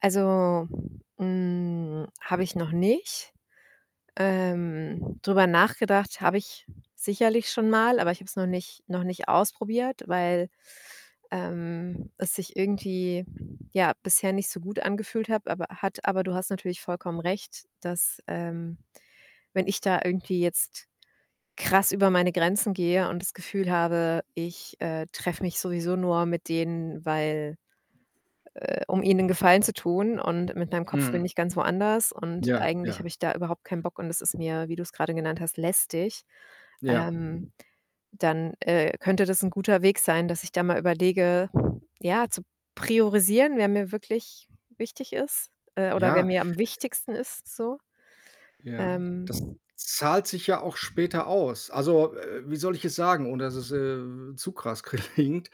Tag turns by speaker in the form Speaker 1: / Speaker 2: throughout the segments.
Speaker 1: Also, hm, habe ich noch nicht. Ähm, drüber nachgedacht habe ich sicherlich schon mal, aber ich habe es noch nicht noch nicht ausprobiert, weil, ähm, es sich irgendwie, ja, bisher nicht so gut angefühlt hab aber hat aber du hast natürlich vollkommen recht, dass, ähm, wenn ich da irgendwie jetzt krass über meine Grenzen gehe und das Gefühl habe, ich, äh, treffe mich sowieso nur mit denen, weil, äh um ihnen 'nen Gefallen zu tun und mit meinem Kopf bin
Speaker 2: Mhm.
Speaker 1: ich ganz woanders und
Speaker 2: Ja,
Speaker 1: eigentlich habe
Speaker 2: ja.
Speaker 1: ich da überhaupt keinen Bock und es ist mir, wie du's grade genannt hast, lästig,
Speaker 2: Ja.
Speaker 1: ähm, dann, äh, könnte das 'n guter Weg sein, dass ich da mal überlege, ja, zu priorisieren, wer mir wirklich wichtig ist, äh, oder wer
Speaker 2: Ja.
Speaker 1: mir am wichtigsten ist so.
Speaker 2: Ja, das
Speaker 1: Ähm
Speaker 2: zahlt sich ja auch später aus. Also, äh, wie soll ich es sagen, ohne dass es, äh, zu krass klingt?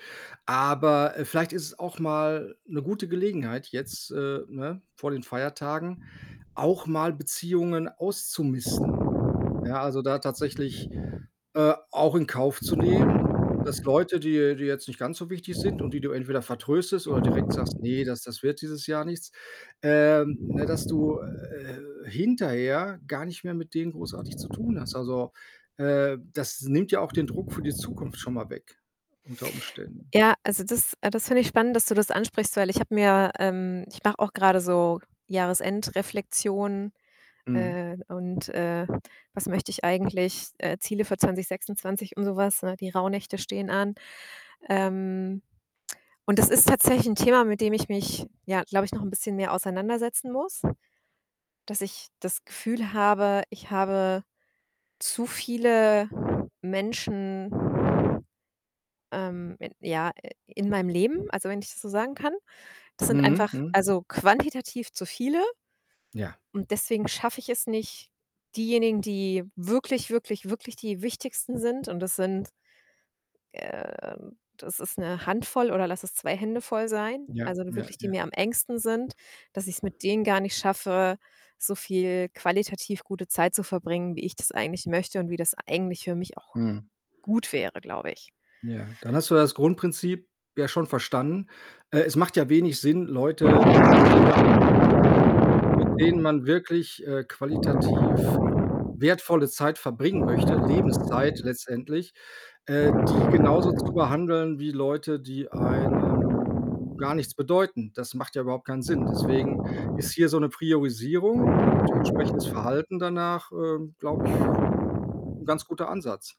Speaker 2: Aber, äh, vielleicht ist es auch mal 'ne gute Gelegenheit jetzt, äh, ne, vor den Feiertagen auch mal Beziehungen auszumisten. Ja, also, da tatsächlich, äh, auch in Kauf zu nehmen, dass Leute, die dir jetzt nicht ganz so wichtig sind und die du entweder vertröstest oder direkt sagst: „Ne, das das wird dieses Jahr nichts.“, ähm ne, dass du, äh, hinterher gar nicht mehr mit denen großartig zu tun hast. Also, äh, das nimmt ja auch den Druck für die Zukunft schon mal weg unter Umständen.
Speaker 1: Ja, also, das äh, das finde ich spannend, dass du das ansprichst, weil ich habe mir, ähm ich mache auch grade so Jahresendreflexion,
Speaker 2: Mhm.
Speaker 1: äh, und, äh, was möchte ich eigentlich, äh, Ziele für 2026 und so was, ne? Die Rauhnächte stehen an. Ähm, und das ist tatsächlich 'n Thema, mit dem ich mich, ja, glaube ich, noch 'n bisschen mehr auseinandersetzen muss, dass ich das Gefühl habe, ich habe zu viele Menschen, ähm, in ja, in meinem Leben, also, wenn ich das so sagen kann. Das sind
Speaker 2: Mhm,
Speaker 1: einfach,
Speaker 2: mhm.
Speaker 1: also, quantitativ zu viele.
Speaker 2: Ja.
Speaker 1: Und deswegen schaffe ich es nicht, diejenigen, die wirklich, wirklich, wirklich die Wichtigsten sind und das sind, ähm das ist 'ne Handvoll oder lass es 2 Hände voll sein,
Speaker 2: Ja,
Speaker 1: also, nur
Speaker 2: ja,
Speaker 1: wirklich die
Speaker 2: ja.
Speaker 1: mir am engsten sind, dass ich's mit denen gar nicht schaffe, so viel qualitativ gute Zeit zu verbringen, wie ich das eigentlich möchte und wie das eigentlich für mich auch
Speaker 2: Mhm.
Speaker 1: gut wäre, glaube ich.
Speaker 2: Ja, dann hast du das Grundprinzip ja schon verstanden. Äh, es macht ja wenig Sinn, Leute, äh, mit denen man mit mit denen man wirklich, äh, qualitativ wertvolle Zeit verbringen möchte, Lebenszeit letztendlich, äh, die genauso zu behandeln wie Leute, die einem gar nichts bedeuten. Das macht ja überhaupt keinen Sinn. Deswegen ist hier so 'ne Priorisierung und entsprechendes Verhalten danach, ähm, glaube ich, 'n ganz guter Ansatz.